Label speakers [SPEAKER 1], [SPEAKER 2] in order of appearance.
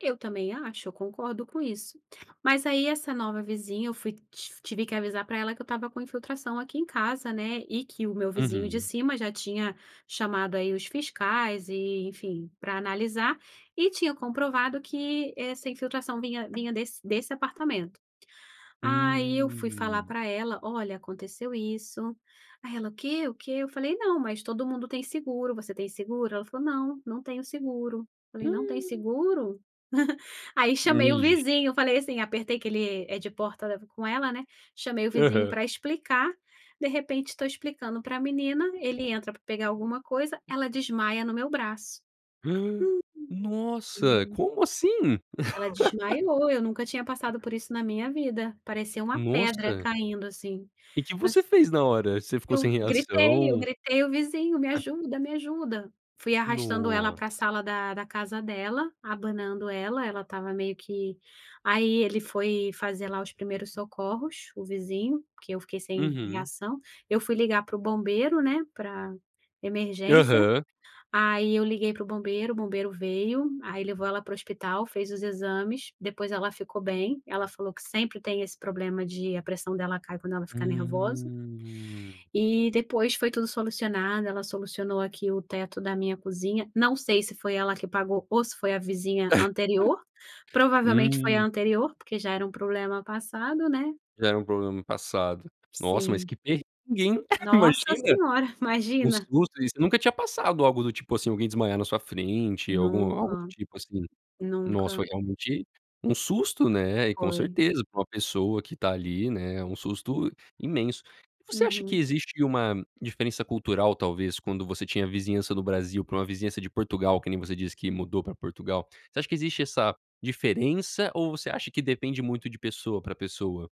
[SPEAKER 1] Eu também acho, eu concordo com isso. Mas aí, essa nova vizinha, eu fui, tiv tive que avisar para ela que eu estava com infiltração aqui em casa, né, e que o meu vizinho de
[SPEAKER 2] Uhum.
[SPEAKER 1] cima já tinha chamado, aí, os fiscais, e enfim, pra analisar e tinham comprovado que essa infiltração vinha vinha desse desse apartamento. Aí eu fui falar
[SPEAKER 2] Hum.
[SPEAKER 1] pra ela: "Olha, aconteceu isso". Aí ela: "O quê? O quê?" Eu falei: "Não, mas todo mundo tem seguro, você tem seguro?" Ela falou: "Não, não tenho seguro". Falei: "Não tem
[SPEAKER 2] Hum.
[SPEAKER 1] seguro?" Aí chamei o
[SPEAKER 2] Nigi
[SPEAKER 1] vizinho, eu falei assim apertei que ele é de porta com ela, né, chamei o vizinho
[SPEAKER 2] Aham.
[SPEAKER 1] para explicar. De repente, tô explicando pra menina, ele entra pra pegar alguma coisa, ela desmaia no meu braço.
[SPEAKER 2] Nossa, como assim?
[SPEAKER 1] Ela desmaiou, eu nunca tinha passado por isso na minha vida, parecia uma pedra
[SPEAKER 2] Nossa!
[SPEAKER 1] caindo, assim.
[SPEAKER 2] E que
[SPEAKER 1] Mas
[SPEAKER 2] você fez na hora? Você ficou
[SPEAKER 1] Eu
[SPEAKER 2] sem
[SPEAKER 1] gritei, eu
[SPEAKER 2] reação?
[SPEAKER 1] gritei o vizinho: "Me ajuda, me ajuda". Fui arrastando ela pra
[SPEAKER 2] Nossa.
[SPEAKER 1] sala da da casa dela, abanando ela, ela estava meio que aí ele foi fazer lá, os primeiros socorros, o vizinho, porque eu fiquei sem
[SPEAKER 2] Uhum.
[SPEAKER 1] reação. Eu fui ligar para o bombeiro, né, pra emergência.
[SPEAKER 2] Aham.
[SPEAKER 1] Aí eu liguei para o bombeiro, o bombeiro veio, aí levou ela para o hospital, fez os exames, depois ela ficou bem. Ela falou que sempre tem esse problema de a pressão dela cai quando ela ficar nervosa.
[SPEAKER 2] Hum.
[SPEAKER 1] E depois foi tudo solucionado, ela solucionou, aqui, o teto da minha cozinha. Não sei se foi ela que pagou ou se foi a vizinha anterior. Provavelmente foi a
[SPEAKER 2] Hum.
[SPEAKER 1] anterior, porque já era um problema passado, né.
[SPEAKER 2] Já era um problema no passado. Nossa, mas
[SPEAKER 1] Sim.
[SPEAKER 2] que perrengue, hein,
[SPEAKER 1] Nossa
[SPEAKER 2] imagina.
[SPEAKER 1] senhora,
[SPEAKER 2] Um
[SPEAKER 1] imagina.
[SPEAKER 2] susto. Isso nunca tinha passado algo do tipo, assim, alguém desmaiar na sua frente, algum algo do
[SPEAKER 1] Nunca.
[SPEAKER 2] tipo, assim. Nossa,
[SPEAKER 1] Nunca.
[SPEAKER 2] foi realmente um susto, né, e, com
[SPEAKER 1] Foi.
[SPEAKER 2] certeza, pra uma pessoa que tá ali, né, é um susto imenso. E você acha que
[SPEAKER 1] Uhum.
[SPEAKER 2] existe uma diferença cultural, talvez, quando você tinha a vizinhança do Brasil pra uma vizinhança de Portugal, que nem você diz que mudou pra Portugal? Você acha que existe essa diferença ou você acha que depende muito de pessoa pra pessoa?